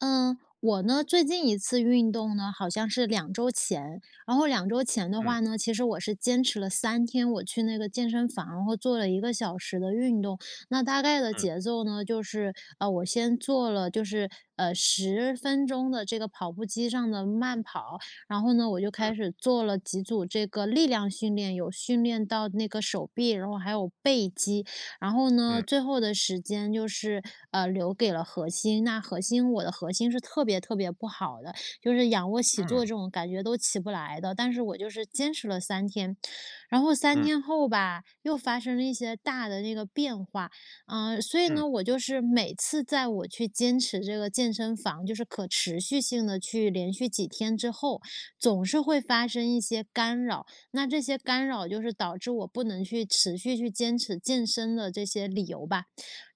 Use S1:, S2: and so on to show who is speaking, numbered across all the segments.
S1: 呃，我呢最近一次运动呢好像是2周前，然后2周前的
S2: 嗯。
S1: 话呢，其实我是坚持了3天，我去那个健身房然后做了1个小时的运动。那大概的
S2: 嗯。
S1: 节奏呢，就是，呃，我先做了就是，呃，10分钟的这个跑步机上的慢跑，然后呢，我就开
S2: 嗯。
S1: 始做了几组这个力量训练，有训练到那个手臂，然后还有背肌。然后呢，
S2: 嗯。
S1: 最后的时间就是，呃，留给了核心。那核心我的核心是特别特别不好的，就是仰卧起坐
S2: 嗯。
S1: 这种感觉都起不来的，但是我就是坚持了3天。然后3
S2: 嗯。
S1: 天后吧，又发生了一些大的那个变化。嗯，所以
S2: 嗯。
S1: 呢，我就是每次在我去坚持这个健身房，就是可持续性地去连续几天之后，总是会发生一些干扰，那这些干扰就是导致我不能去持续去坚持健身的这些理由吧。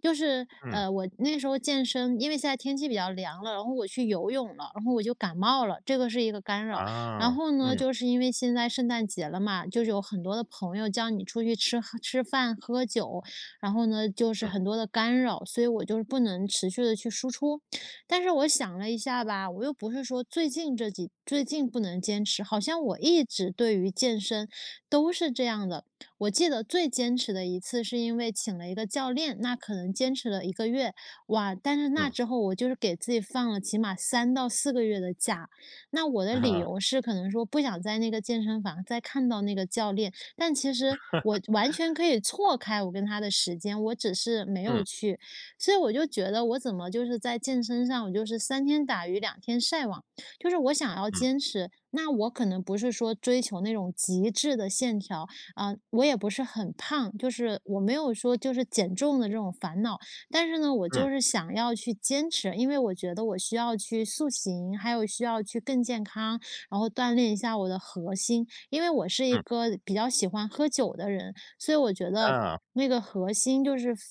S1: 就是，
S2: 嗯。
S1: 呃，我那时候健身因为现在天气比较凉了，然后我去游泳了，然后我就感冒了，这个是一个干扰。
S2: 啊，
S1: 然后呢，
S2: 嗯。
S1: 就是因为现在圣诞节了嘛，就是有很多的朋友叫你出去吃喝吃饭、喝酒，然后呢，就是
S2: 嗯。
S1: 很多的干扰，所以我就是不能持续地去输出。但是我想了一下吧，我又不是说最近这几最近不能坚持，好像我一直，对于健身都是这样的。我记得最坚持的一次是因为请了一个教练，那可能坚持了1个月，哇，但是那
S2: 嗯。
S1: 之后我就是给自己放了起码3到4个月的假。那我的理 由是可能说不想在那个健身房再看到那个教练，但其实我完全 可以错开我跟他的时间，我只是没有
S2: 嗯。
S1: 去。所以我就觉得我怎么就是在健身上我就是三天打鱼两天晒网，就是我想要
S2: 嗯。
S1: 坚持，那我可能不是说追求那种极致的线条，呃，我也不是很胖，就是我没有说就是减重的这种烦恼。但是呢，我就
S2: 嗯。
S1: 是想要去坚持，因为我觉得我需要去塑形，还有需要去更健康，然后锻炼一下我的核心。因为我是一
S2: 嗯。
S1: 个比较喜欢喝酒的人，所以我觉得，
S2: 啊。
S1: 那个核心，就是腹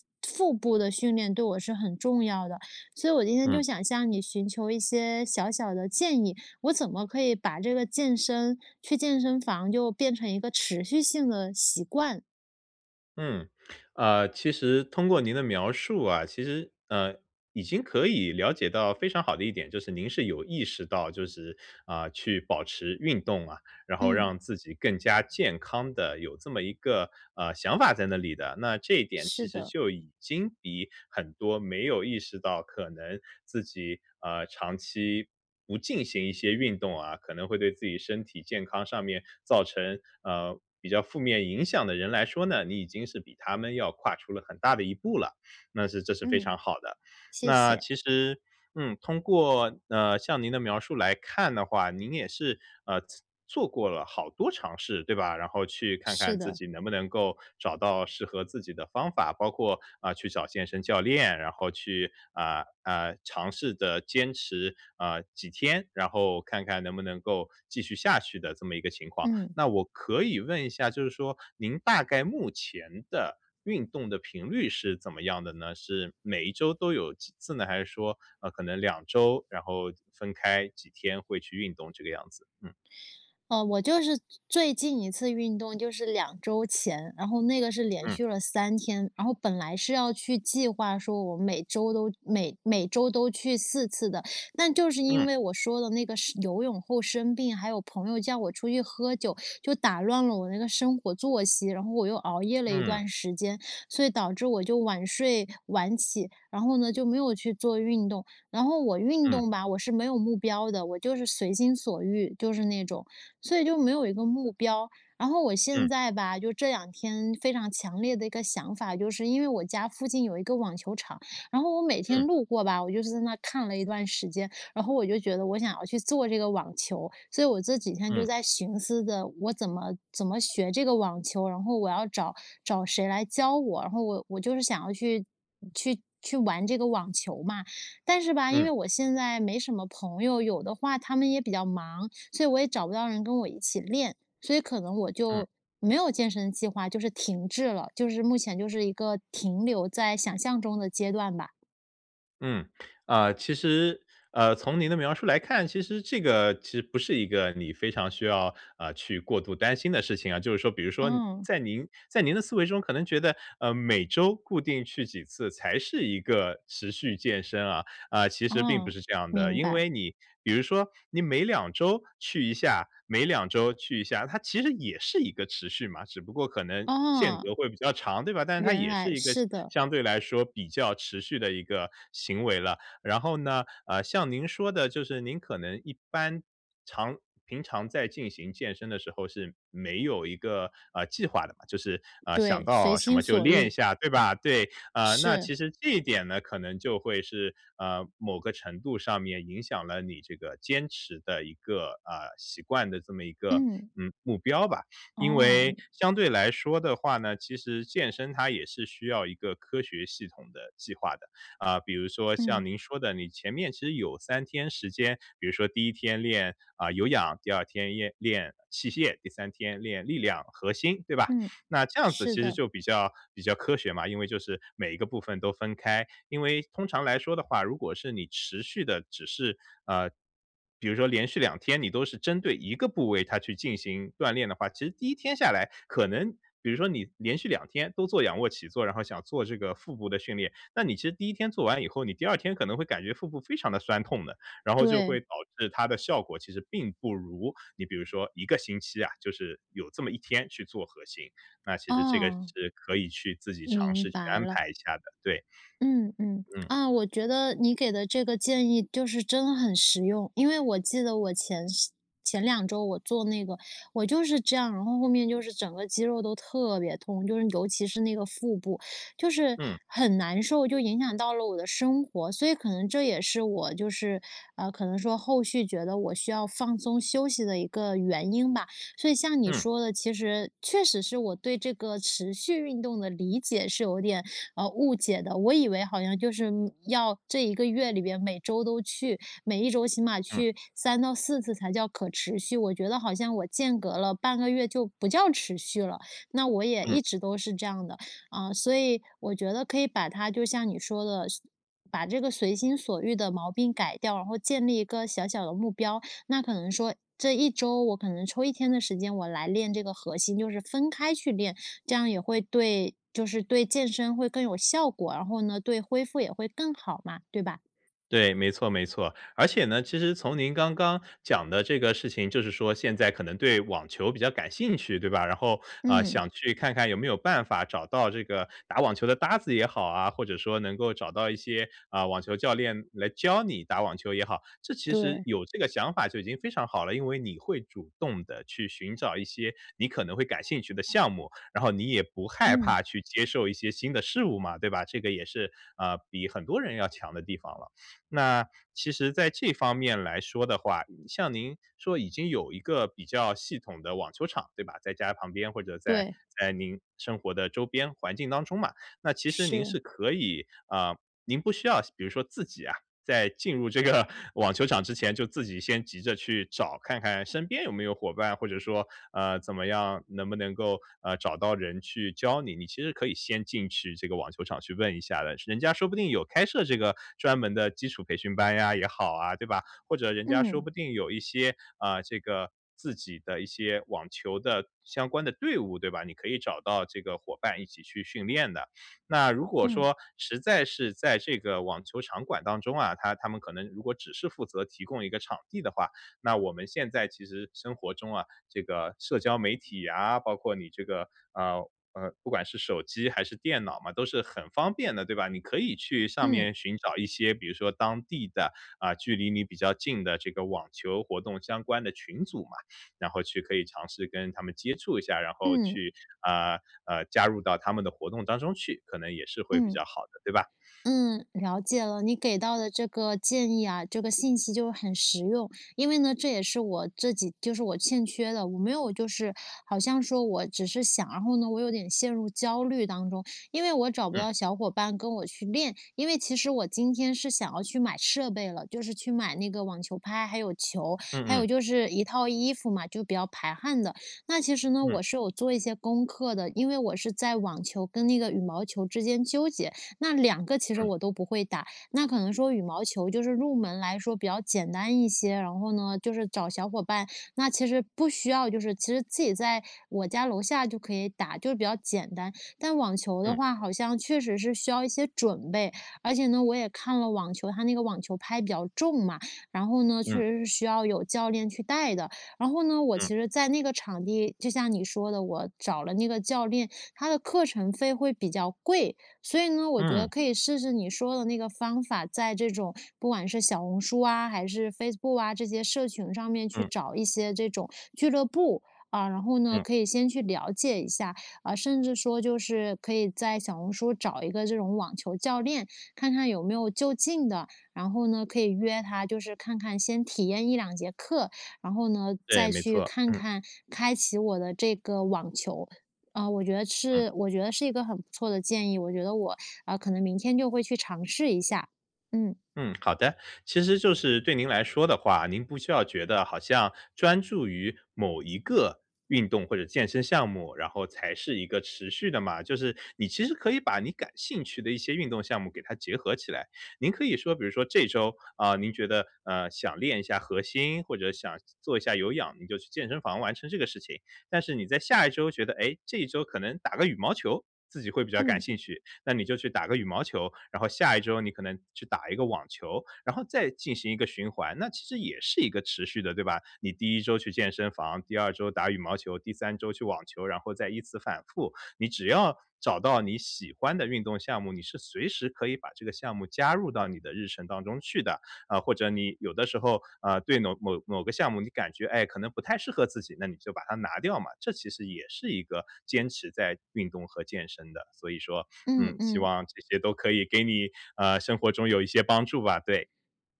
S1: 腹部的训练对我是很重要的。所以我今天
S2: 嗯。
S1: 就想向你寻求一些小小的建议，我怎么可以把这个健身去健身房就变成一个持续性的习惯。
S2: 嗯，呃，其实通过您的描述啊，其实，呃，已经可以了解到非常好的一点，就是您是有意识到就是，呃，去保持运动啊，然后
S1: 嗯。
S2: 让自己更加健康的有这么一个，呃，想法在那里的。那这一点，
S1: 是
S2: 其实
S1: 的。
S2: 就已经比很多没有意识到可能自己，啊，长期不进行一些运动啊，可能会对自己身体健康上面造成，呃，比较负面影响的人来说呢，你已经是比他们要跨出了很大的一步了，那是这是非
S1: 嗯，
S2: 常好的。
S1: 谢
S2: 那
S1: 谢。
S2: 其实嗯，通过，呃，像您的描述来看的话，您也是，呃，做做过了好多尝试，对吧？然后去看看
S1: 是
S2: 自
S1: 的。
S2: 己能不能够，找到适合自己的方法，包括，啊，去找健身教练，然后去，啊，啊，尝试着坚持，啊，几天，然后看看能不能够继续下去的，这么一个情况。
S1: 嗯。
S2: 那我可以问一下，就是说，您大概目前的运动的频率是怎么样的呢？是每一周都有几次呢？还是说，呃，可能2周然后分开几天会去运动这个样子？嗯。
S1: 哦，我就是最最近一次运动就是2周前，然后那个是连
S2: 嗯。
S1: 续了3天。然后本来是要去计划说，我每周都每每周都去4次的。但就是因
S2: 嗯。
S1: 为我说的那个生游泳后生病，还有朋友叫我出去喝酒，就打乱了我那个生活作息。然后我又熬夜了一
S2: 嗯。
S1: 段时间，所以导致我就晚睡晚起，然后呢，就没有去做运动。然后我运
S2: 嗯。
S1: 动吧，我是没有目标的，我就是随心所欲，就是那种，所以就没有一个目标。然后我现
S2: 嗯。
S1: 在吧，就这两天非常强烈的一个想法，就是因为我家附近有一个网球场，然后我每
S2: 嗯。
S1: 天路过吧，我就是在那看了一段时间。然后我就觉得，我想要去做这个网球。所以我这几天就
S2: 嗯。
S1: 在寻思的：“我怎么怎么学这个网球，然后我要找找谁来教我。”然后我我就是想要去去去玩这个网球嘛。但是吧，因
S2: 嗯。
S1: 为我现在没什么朋友，有的话他们也比较忙，所以我也找不到人跟我一起练。所以可能我
S2: 嗯。
S1: 就没有健身计划，就是停滞了，就是目前就是一个停留在想象中的阶段吧。
S2: 嗯，啊，其实呃，从您的描述来看，其实这个其实不是一个你非常需要，呃，去过度担心的事情啊。就是说比如说，你
S1: 嗯。
S2: 在您在您的思维中可能觉得，呃，每周固定去几次，才是一个持续健身啊。啊，其实并不
S1: 哦，
S2: 是这样的，
S1: 明
S2: 因
S1: 白。
S2: 为你比如说你每2周去一下，每2周去一下，它其实也是一个持续嘛，只不过可能间
S1: 哦。
S2: 隔会比较长，对吧？但是它
S1: 原
S2: 也是
S1: 来
S2: 一个相
S1: 是的。
S2: 相对来说，比较持续的一个行为了。然后呢，呃，像您说的，就是您可能一般常平常在进行健身的时候，是没有一个，呃，计划的嘛，就是，啊，想
S1: 对，随
S2: 到什
S1: 心
S2: 么就
S1: 所
S2: 练一
S1: 欲。
S2: 下，对吧？对，啊，那
S1: 是。
S2: 其实这一点呢，可能就会是，呃，某个程度上面影响了你这个坚持的一个呃，习惯的这么一个，
S1: 嗯。
S2: 嗯，目标吧。因为
S1: 哦。
S2: 相对来说的话呢，其实健身它也是需要一个科学系统的计划的。啊，比如说像
S1: 嗯。
S2: 您说的，你前面其实有3天时间，比如说第1天练，啊，有氧，第2天练练器械，第3天练力量、核心，对吧？
S1: 嗯，
S2: 那这样子
S1: 是
S2: 其实
S1: 的。
S2: 就比较比较科学嘛，因为就是每一个部分都分开。因为通常来说的话，如果是你持续地只是呃，比如说连续2天你都是针对一个部位，它去进行锻炼的话，其实第1天下来可能比如说你连续2天都做仰卧起坐，然后想做这个腹部的训练，那你其实第1天做完以后，你第2天可能会感觉腹部非常地酸痛的，然后就会
S1: 对。
S2: 导致它的效果其实并不如你比如说1个星期啊，就是有这么1天去做核心，那其实这个
S1: 哦。
S2: 是可以去自己尝
S1: 明
S2: 试去
S1: 白
S2: 安
S1: 了。
S2: 排一下的，对。
S1: 嗯嗯，
S2: 嗯。
S1: 啊，我觉得你给的这个建议，就是真很实用。因为我记得我前是前2周我做那个，我就是这样，然后后面就是整个肌肉都特别痛，就是尤其是那个腹部，就是
S2: 嗯。
S1: 很难受，就影响到了我的生活。所以可能这也是我就是，呃，可能说后续觉得，我需要放松休息的一个原因吧。所以像你
S2: 嗯。
S1: 说的其实确实是我对这个持续运动的理解是有点，呃，误解的。我以为好像就是，嗯，要这一个月里面每周都去，每一周起码
S2: 嗯。
S1: 去3-4次才叫可持续，我觉得好像我间隔了半个月就不叫持续了，那我也
S2: 嗯。
S1: 一直都是这样的。啊，所以我觉得可以把它就像你说的，随把这个随心所欲的毛病改掉，然后建立一个小小的目标，那可能说，这一周我可能抽一天的时间，我来练这个核心，就是分开去练，这样也会对就是对健身会更有效果，然后呢，对恢复也会更好嘛，对吧？
S2: 对，没错没错。而且呢，其实从您刚刚讲的这个事情，就是说现在可能对网球比较感兴趣，对吧？然后，啊，
S1: 嗯。
S2: 想去看看有没有办法，找到这个打网球的搭子也好啊，或者说能够找到一些，啊，网球教练来教你打网球也好，这其实
S1: 对。
S2: 有这个想法就已经非常好了。因为你会主动地去寻找一些你可能会感兴趣的项目，然后你也不害
S1: 嗯。
S2: 怕去接受一些新的事物嘛，对吧？这个也是，啊，比很多人要强的地方了。那其实在这方面来说的话，像您说已经有一个比较系统的网球场，对吧？在家旁边或者在
S1: 对。
S2: 在您生活的周边环境当中嘛，那其实您是
S1: 是。
S2: 可以啊，您不需要比如说自己啊，在进入这个网球场之前，就自己先急着去找看看身边有没有伙伴，或者说，呃，怎么样能不能够，呃，找到人去教你。你其实可以先进去这个网球场，去问一下的，人家说不定有开设这个专门的基础培训班呀，也好啊，对吧？或者人家说
S1: 嗯。
S2: 不定有一些，啊，这个自己的一些网球的相关的队伍，对吧？你可以找到这个伙伴一起去训练的。那如果
S1: 嗯。
S2: 说，实在是在这个网球场馆当中啊，它它们可能如果只是负责提供一个场地的话，那我们现在其实生活中啊，这个社交媒体啊，包括你这个，呃，呃，不管是手机还是电脑嘛，都是很方便的，对吧？你可以去上
S1: 嗯。
S2: 面寻找一些，比如说当地的，啊，距离你比较近的，这个网球活动相关的群组嘛。然后去可以尝试跟他们接触一下，然后
S1: 嗯。
S2: 去，啊，呃，加入到他们的活动当中去，可能也是会比
S1: 嗯。
S2: 较好的，对吧？
S1: 嗯，了解了，你给到的这个建议啊，这个信息就很实用。因为呢，这也是我自己就是我欠缺的，我没有就是好像说我只是想，然后呢，我有点陷入焦虑当中，因为我找不
S2: 嗯。
S1: 到小伙伴跟我去练。因为其实我今天是想要去买设备了，就是去买那个网球拍，还有球，
S2: 嗯
S1: 还有
S2: 嗯。
S1: 就是一套衣服嘛，就比较排汗的。那其实呢，
S2: 嗯。
S1: 我是有做一些功课的，因为我是在网球跟那个羽毛球之间纠结，那2个其实
S2: 嗯。
S1: 我都不会打，那可能说羽毛球，就是入门来说比较简单一些，然后呢，就是找小伙伴那其实不需要就是其实自己在我家楼下就可以打，就是比较简单。但网球的
S2: 嗯。
S1: 话，好像确实是需要一些准备，而且呢，我也看了网球，它那个网球拍比较重嘛，然后呢，确
S2: 嗯。
S1: 实是需要有教练去带的。然后呢，我其
S2: 嗯。
S1: 实在那个场地就像你说的，我找了那个教练，他的课程费会比较贵。所以呢，我觉得
S2: 嗯。
S1: 可以试试你说的那个方法，在这种不管是小红书啊，还是 Facebook 啊，这些社群上面去
S2: 嗯。
S1: 找一些这种俱乐部，啊，然后呢，
S2: 嗯。
S1: 可以先去了解一下。啊，甚至说就是可以在小红书，找一个这种网球教练，看看有没有就近的，然后呢，可以约他，就是看看先体验1-2节课。然后呢，
S2: 对，
S1: 再
S2: 没
S1: 去
S2: 错，
S1: 看
S2: 嗯。
S1: 看开启我的这个网球。啊，我觉得
S2: 嗯。
S1: 是我觉得是一个很不错的建议，我觉得我，呃，可能明天就会去尝试一下。嗯。
S2: 嗯，好的，其实就是对您来说的话，您不需要觉得，好像专注于某一个运动或者健身项目，然后才是一个持续的嘛。就是你其实可以把你感兴趣的一些运动项目，给它结合起来。您可以说比如说这周，啊，您觉得，呃，想练一下核心，或者想做做一下有氧，你就去健身房完成这个事情。但是你在下一周觉得，诶，这一周可能打个羽毛球，自己会比较感
S1: 嗯。
S2: 兴趣，那你就去打个羽毛球，然后下一周你可能去打一个网球，然后再进行一个循环，那其实也是一个持续的，对吧？你第1周去健身房，第2周打羽毛球，第3周去网球，然后再依次反复。你只要找到你喜欢的运动项目，你是随时可以把这个项目，加入到你的日程当中去的。啊，或者你有的时候，啊，对某某某个项目，你感觉，哎，可能不太适合自己，那你就把它拿掉嘛，这其实也是一个坚持在运动和健身的。所以说，
S1: 嗯
S2: 嗯，希
S1: 嗯。
S2: 望这些都可以给你，啊，生活中有一些帮助吧，对。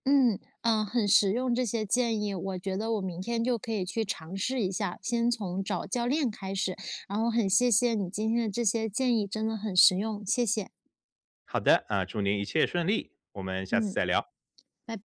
S1: 嗯，呃，很实用这些建议，我觉得我明天就可以去尝试一下，先从找教练开始，然后很谢谢你今天的这些建议，真的很实用，谢谢。
S2: 好的，啊，祝您一切顺利，我们下次
S1: 嗯。
S2: 再聊。
S1: 拜